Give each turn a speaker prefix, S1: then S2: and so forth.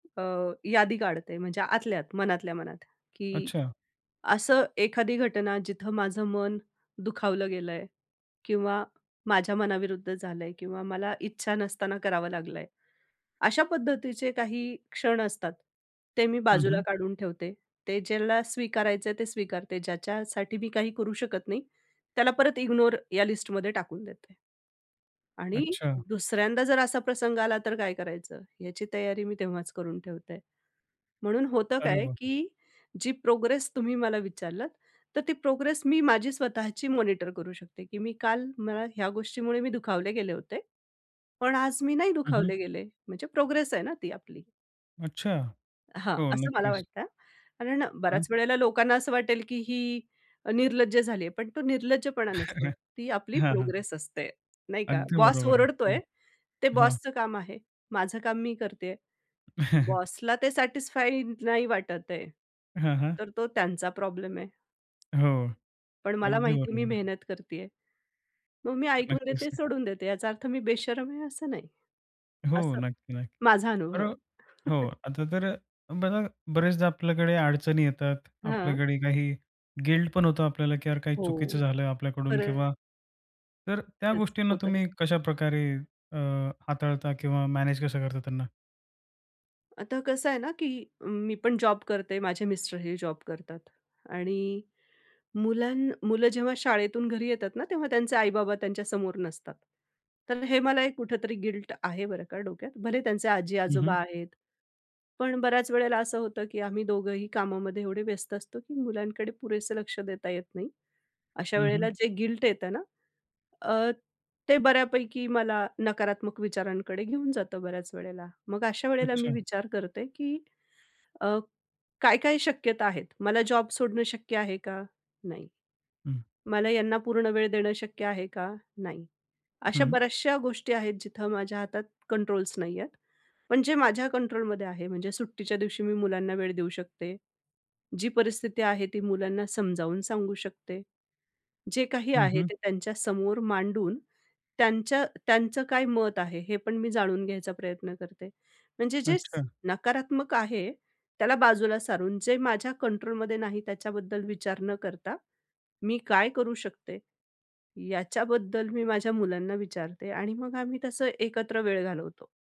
S1: अ, यादी काढते. म्हणजे आतल्या आत, मनातल्या मनात, की
S2: अच्छा.
S1: असं एखादी घटना, जिथं माझं मन दुखावलं गेलंय किंवा माझ्या मनाविरुद्ध झालंय किंवा मला इच्छा नसताना करावं लागलंय. अशा पद्धतीचे काही क्षण असतात, ते मी
S2: हं,
S1: बाजूला
S2: हं.
S1: काढून ठेवते. ते ज्याला स्वीकारायचंय ते स्वीकारते. ज्याच्यासाठी मी काही करू शकत नाही, त्याला परत इग्नोर या लिस्टमध्ये टाकून देते आणि
S2: अच्छा.
S1: दुसऱ्यांदा जर असा प्रसंग आला तर काय करायचं, याची तयारी मी तेव्हाच करून ठेवते. म्हणून होतं
S2: अरे
S1: काय,
S2: वाह!
S1: की जी प्रोग्रेस तुम्ही मला विचारलत, तर ती प्रोग्रेस मी माझी स्वतःची मॉनिटर करू शकते, की मी काल मला ह्या गोष्टीमुळे मी दुखावले गेले होते, पण आज मी नाही
S2: हं, हं.
S1: दुखावले गेले म्हणजे प्रोग्रेस आहे ना, ती आपली.
S2: अच्छा.
S1: हां,
S2: हो
S1: असं मला
S2: नक्कीच.
S1: वाटतं हां. कारण बऱ्याच
S2: हां.
S1: वेळेला लोकांना असं वाटेल, की ही अ, निर्लज्ज झालीये. पण तो निर्लज्जपणा नसतो. ती आपली
S2: हां, हां.
S1: प्रोग्रेस असते, नाही का?
S2: अगदी
S1: बॉस
S2: बरोबर आहे. हो,
S1: ओरडतोय. ते
S2: हां.
S1: बॉसचं काम आहे. माझं काम मी करतीये. बॉसला ते सॅटिस्फाइइंग नाही वाटत आहे,
S2: हां, हां.
S1: तर तो त्यांचा प्रॉब्लेम आहे.
S2: हो.
S1: पण मला
S2: अगदी
S1: माहिती आहे, मी
S2: बरोबर आहे.
S1: मेहनत करतीये. मग मी ऐकून
S2: नक्कीच.
S1: घेते,
S2: न
S1: सोडून देते. याचा अर्थ मी बेशरम आहे, असं नाही.
S2: हो.
S1: असं,
S2: नक्की, नक्की.
S1: माझा अनुभव
S2: बर
S1: आहे.
S2: हो, आता तर अ, बघा बरेचदा आपल्याकडे अडचणी येतात,
S1: हां.
S2: आपल्याकडे काही गिल्ट पण होतं आपल्याला की यार काही चुकीचं
S1: हो.
S2: झालं आपल्याकडून
S1: खरंच.
S2: किंवा तर त्या
S1: खरंच,
S2: गोष्टींना
S1: होतं हे.
S2: तुम्ही कशाप्रकारे अ, हाताळता किंवा मॅनेज कसं करता त्यांना?
S1: आता कसं आहे ना, की मी पण जॉब करते. माझे मिस्टरही जॉब करतात. आणि मुलां मुलं जेव्हा शाळेतून घरी येतात ना, तेव्हा त्यांचे आई-बाबा त्यांच्यासमोर नसतात. तर हे मला एक कुठेतरी गिल्ट आहे, बरं का, डोक्यात. भले त्यांचे
S2: हं, हं.
S1: आजी-आजोबा आहेत. पण बऱ्याच वेळेला असं होतं की आम्ही दोघंही कामामध्ये एवढे व्यस्त असतो, की मुलांकडे पुरेसं लक्ष देता येत नाही.अशा
S2: हं, हं.
S1: वेळेला जे गिल्ट येतं ना, अ, ते बऱ्यापैकी मला नकारात्मक विचारांकडे घेऊन जातं बऱ्याच वेळेला. मग अशा वेळेला मी
S2: अच्छा.
S1: विचार करते, की अ, काय-काय शक्यता आहेत? मला जॉब सोडणं शक्य आहे का? नाही.
S2: हं.
S1: मला ह्यांना पूर्ण वेळ देणं शक्य आहे का? नाही. अशा
S2: हं.
S1: बऱ्याचश्या गोष्टी आहेत, जिथं माझ्या हातात कंट्रोल्स नाहीयेत. पण जे माझ्या कंट्रोलमध्ये आहे, म्हणजे सुट्टीच्या दिवशी मी मुलांना वेळ देऊ शकते. जी परिस्थिती आहे, ती मुलांना समजावून सांगू शकते. जे काही
S2: हं,
S1: आहे,
S2: हं.
S1: ते त्यांच्यासमोर मांडून त्यांच्या त्यांचं काय मत आहे, हे पण मी जाणून घ्यायचा प्रयत्न करते. म्हणजे जे
S2: अच्छा.
S1: नकारात्मक आहे, त्याला बाजूला सारून जे माझ्या कंट्रोलमध्ये नाही त्याच्याबद्दल विचार न करता, मी काय करू शकते, याच्याबद्दल मी माझ्या मुलांना विचारते आणि मग आम्ही तसं एकत्र वेळ घालवतो.